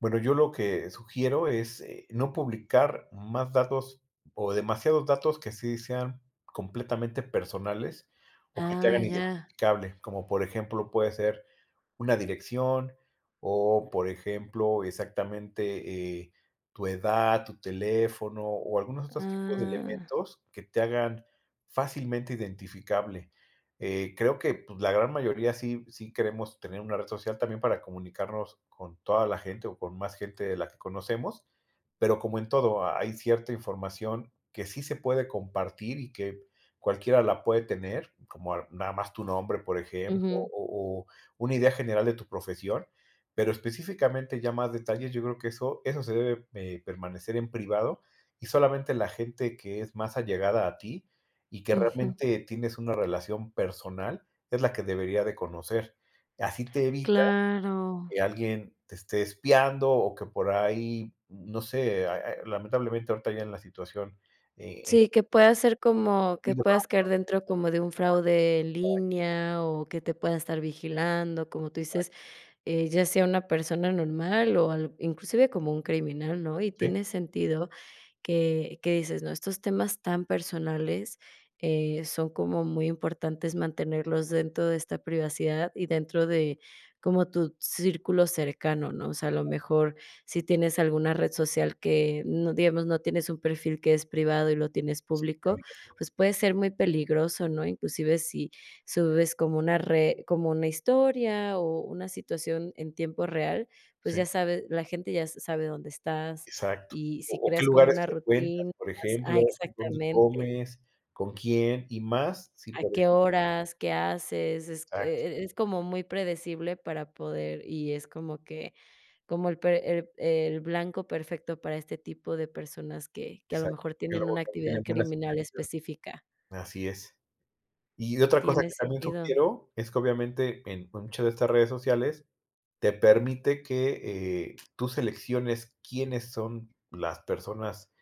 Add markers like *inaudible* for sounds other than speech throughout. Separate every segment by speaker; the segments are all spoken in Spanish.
Speaker 1: Bueno, yo lo que sugiero es no publicar más datos o demasiados datos que sí sean completamente personales o que te
Speaker 2: Ah,
Speaker 1: hagan
Speaker 2: ya.
Speaker 1: identificable, como por ejemplo, puede ser una dirección o por ejemplo, exactamente, eh, tu edad, tu teléfono o algunos otros tipos de
Speaker 2: Ah.
Speaker 1: elementos que te hagan fácilmente identificable, eh, creo que, pues, la gran mayoría sí, sí queremos tener una red social también para comunicarnos con toda la gente o con más gente de la que conocemos, pero como en todo, ha hay cierta información que sí se puede compartir y que cualquiera la puede tener, como a nada más tu nombre, por ejemplo, o
Speaker 2: Ujú.
Speaker 1: o una idea general de tu profesión, pero específicamente ya más detalles, yo creo que eso eso se debe, eh, permanecer en privado y solamente la gente que es más allegada a ti y que
Speaker 2: Ujú.
Speaker 1: realmente tienes una relación personal es la que debería de conocer. Así te evita
Speaker 2: Claro.
Speaker 1: que alguien te esté espiando o que por ahí, no sé, ah ah eh, lamentablemente ahorita ya en la situación. Eh,.
Speaker 2: Sí, que pueda ser como que puedas caer dentro como de un
Speaker 1: *unintelligible*
Speaker 2: fraude en
Speaker 1: Exacto.
Speaker 2: línea, o que te pueda estar vigilando, como tú
Speaker 1: Ay.
Speaker 2: dices: "Eh, ya sea una persona normal o al inclusive como un criminal", ¿no? Y
Speaker 1: Sí.
Speaker 2: tiene sentido que que dices, ¿no? Estos temas tan personales, eh, son como muy importantes mantenerlos dentro de esta privacidad y dentro de como tu círculo cercano, ¿no? O sea, a lo mejor si tienes alguna red social que, mm, digamos, no tienes un perfil que es privado y lo tienes
Speaker 1: Sí,
Speaker 2: público,
Speaker 1: abierto.
Speaker 2: pues, puede ser muy peligroso, ¿no? Inclusive si subes como una re como una historia o una situación en tiempo real, pues ya
Speaker 1: Sí.
Speaker 2: sabe, la gente ya s sabe dónde estás,
Speaker 1: Exacto,
Speaker 2: y si
Speaker 1: o o qué
Speaker 2: creas como
Speaker 1: lugares
Speaker 2: una
Speaker 1: frecuentas,
Speaker 2: rutina
Speaker 1: por
Speaker 2: ah,
Speaker 1: ejemplo, dónde
Speaker 2: exactamente.
Speaker 1: comes, con quién y más si
Speaker 2: A
Speaker 1: por
Speaker 2: qué
Speaker 1: ejemplo
Speaker 2: horas, qué haces, es,
Speaker 1: Exacto.
Speaker 2: eh eh, es como muy predecible para poder, y es como que, como el pre el el blanco perfecto para este tipo de personas que que a lo
Speaker 1: Exacto,
Speaker 2: mejor
Speaker 1: que el
Speaker 2: tienen una
Speaker 1: abogado
Speaker 2: actividad
Speaker 1: tiene buenas
Speaker 2: criminal
Speaker 1: intenciones.
Speaker 2: específica.
Speaker 1: Así es. Y otra cosa
Speaker 2: Tiene
Speaker 1: que también
Speaker 2: sentido.
Speaker 1: sugiero es que obviamente en muchas de estas redes sociales te permite que, eh, tú selecciones quiénes son las personas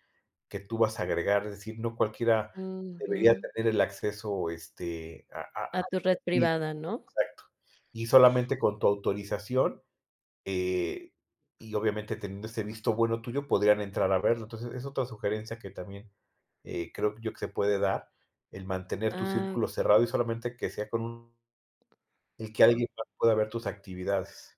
Speaker 1: que tú vas a agregar, es decir, no cualquiera debería
Speaker 2: Ujú.
Speaker 1: tener el acceso, este, a a
Speaker 2: A
Speaker 1: a
Speaker 2: tu red
Speaker 1: *unintelligible*
Speaker 2: privada, ¿no?
Speaker 1: Exacto Y solamente con tu autorización, eh, y obviamente teniendo ese visto bueno tuyo podrían entrar a verlo. Entonces es otra sugerencia que también, eh, creo yo que se puede dar, el mantener tu
Speaker 2: Ah.
Speaker 1: círculo cerrado y solamente que sea con un y que alguien más pueda ver tus actividades.